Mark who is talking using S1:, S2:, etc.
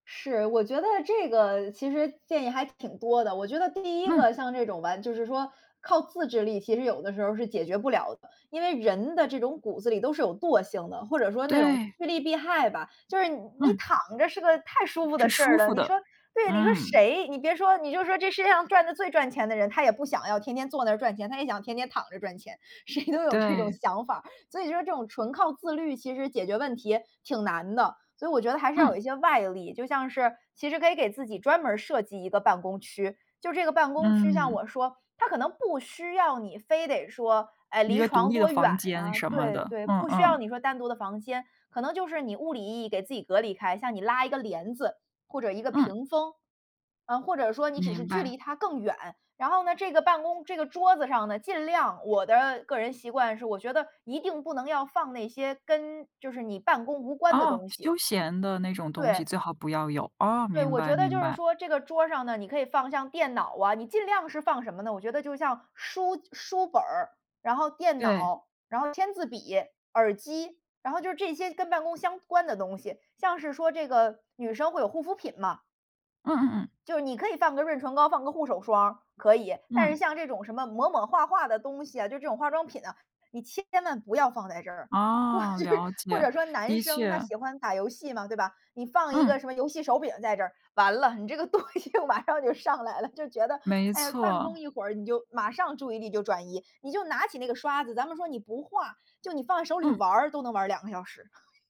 S1: 是，我觉得这个其实建议还挺多的。我觉得第一
S2: 嗯。
S1: 个像这种完就是说靠自制力其实有的时候是解决不了的，因为人的这种骨子里都是有惰性的，或者说那种
S2: 对。
S1: 趋利避害吧，就是你你
S2: 嗯。
S1: 躺着是个太舒服的
S2: 是
S1: 事儿
S2: 舒
S1: 了，
S2: 服
S1: 你
S2: 的，
S1: 说对，你说
S2: 嗯。
S1: 谁你别说你就说这世界上赚得最赚钱的人，他也不想要天天坐那儿赚钱，他也想天天躺着赚钱，谁都有这种
S2: 对。
S1: 想法，所以说这种纯靠自律其实解决问题挺难的。所以我觉得还是要有
S2: 嗯。
S1: 一些外力，就像是其实可以给自己专门儿设计一个办公区，就这个办公区像
S2: 嗯。
S1: 我说它可能不需要你非得说，哎，
S2: 一
S1: 离
S2: 个独
S1: 床
S2: 立的
S1: 多远
S2: 房间
S1: 啊
S2: 什么
S1: 对
S2: 的，
S1: 对，
S2: 嗯
S1: 不需要
S2: 嗯。
S1: 你说单独的房间，可能就是你物理意义给自己隔离开，像你拉一个帘子，或者一个
S2: 嗯。
S1: 屏风，啊，或者说你只是
S2: 明
S1: 距
S2: 白。
S1: 离它更远。然后呢，这个办公这个桌子上呢，尽量我的个人习惯是我觉得一定不能要放那些跟就是你办公无关的
S2: 哦，
S1: 东西。
S2: 休闲的那种东西
S1: 对。
S2: 最好不要有。哦，
S1: 对，
S2: 明
S1: 我
S2: 白
S1: 觉得
S2: 明
S1: 就是
S2: 白。
S1: 说这个桌上呢，你可以放像电脑啊你尽量是放什么呢我觉得就像，书书本儿，然后电
S2: 对。
S1: 脑，然后签字笔、耳机。然后就是这些跟办公相关的东西，像是说这个女生会有护肤品嘛。
S2: 嗯嗯嗯。
S1: 就你可以放个润唇膏、放个护手霜，可以。但是
S2: 嗯。
S1: 像这种什么抹抹画画的东西啊，就这种化妆品啊，你千万不要放在这儿。或者
S2: 哦，了
S1: 或
S2: 解，
S1: 者说男
S2: 的
S1: 生他
S2: 确。
S1: 喜欢打游戏嘛，对吧？你放一
S2: 嗯。
S1: 个什么游戏手柄在这儿，完了，你这个东西马上就上来了，就觉得，
S2: 没
S1: 哎呀，办公
S2: 错。
S1: 一会儿你就马上注意力就转移，你就拿起那个刷子，咱们说你不画，就你放在手里
S2: 嗯。
S1: 玩儿都能玩2个小时。